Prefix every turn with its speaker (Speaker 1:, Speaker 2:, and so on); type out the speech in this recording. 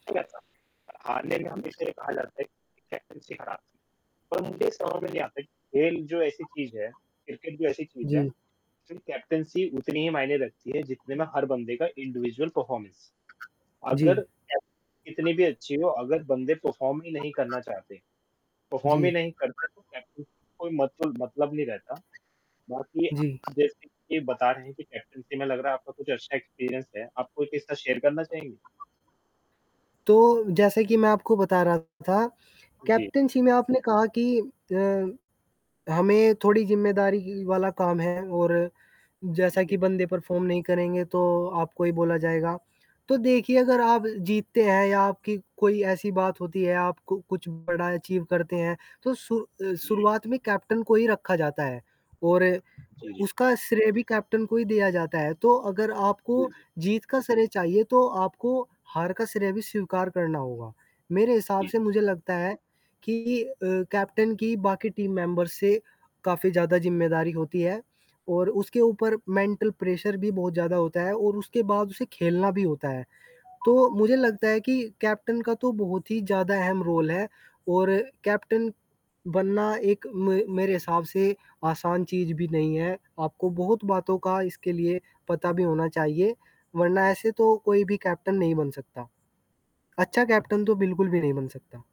Speaker 1: [unintelligible] हारने
Speaker 2: हुँ।
Speaker 1: वाले से ये कहा जाता है कि कैप्टैन्सी खराब थी। परंतु ये समझ में नहीं आता कि खेल जो ऐसी चीज़ है, क्रिकेट भी ऐसी चीज़ है।
Speaker 2: जी।
Speaker 1: जो कैप्टैन्सी उतनी ही मायने रखती है जितने में हर बंदे का इंडिविजुअल परफॉर्मेंस।
Speaker 2: जी।
Speaker 1: अगर एफ कितनी भी अच्छी हो अगर बंदे परफॉर्म ही नहीं करना चाहते, परफॉर्म ही
Speaker 2: जी।
Speaker 1: नहीं करते। तो कैप्टन कोई मतल मतलब नहीं रहता। बाकी
Speaker 2: जी।
Speaker 1: आप जैसे कि बता रहे हैं कि कैप्टैन्सी में लग रहा है आपका कुछ अच्छा एक्सपीरियंस है। आप कोई किस्सा शेयर करना चाहेंगे?
Speaker 2: तो जैसे कि मैं आपको बता रहा था
Speaker 1: जी।
Speaker 2: कैप्टैन्सी में आपने कहा कि अ, हमें थोड़ी ज़िम्मेदारी ही वाला काम है और जैसा
Speaker 1: जी।
Speaker 2: कि बंदे परफ़ॉर्म नहीं करेंगे, तो आपको ही बोला जाएगा। तो देखिए अगर आप जीतते हैं या आपकी कोई ऐसी बात होती है, आपको कुछ बड़ा अचीव करते हैं। तो सु अ,
Speaker 1: जी।
Speaker 2: शुरुआत में कैप्टन को ही रखा जाता है और
Speaker 1: जी, जी।
Speaker 2: उसका श्रेय भी कैप्टन को ही दिया जाता है। तो अगर
Speaker 1: जी,
Speaker 2: आपको
Speaker 1: जी।
Speaker 2: जीत का श्रेय चाहिए तो आपको हार का श्रेय भी स्वीकार करना होगा। मेरे हिसाब
Speaker 1: जी।
Speaker 2: से मुझे लगता है कि अ, कैप्टन की बाकी टीम मेंबर्स से काफ़ी ज़्यादा ज़िम्मेदारी होती है। और उसके ऊपर मेंटल प्रेशर भी बहुत ज़्यादा होता है और उसके बाद उसे खेलना भी होता है। तो मुझे लगता है कि कैप्टन का तो बहुत ही ज़्यादा अहम रोल है और कैप्टन बनना एक मे मेरे हिसाब से आसान चीज़ भी नहीं है। आपको बहुत बातों का इसके लिए पता भी होना चाहिए वरना ऐसे तो कोई भी कैप्टन नहीं बन सकता। अच्छा कैप्टन तो बिल्कुल भी नहीं बन सकता।